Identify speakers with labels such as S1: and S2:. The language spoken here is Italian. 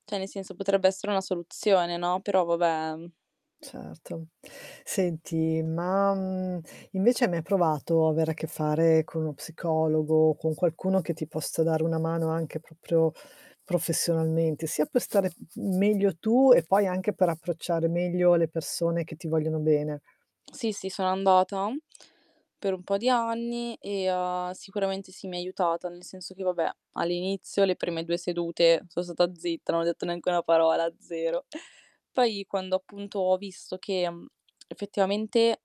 S1: Cioè, nel senso, potrebbe essere una soluzione, no? Però va beh, mh.
S2: Certo. Senti, ma, mhmm, invece hai mai provato avere a che fare con uno psicologo o con qualcuno che ti possa dare una mano anche proprio professionalmente, sia per stare m meglio tu e poi anche per approcciare meglio le persone che ti vogliono bene.
S1: Sì, sì, sono andata per un po' di anni e, ha sicuramente sì mi aiutata, nel senso che, va beh, all'inizio le prime 2 sedute so' stata zitta, non ho detto neanche 1 parola, 0. Poi, quando appunto ho visto che mhmm, effettivamente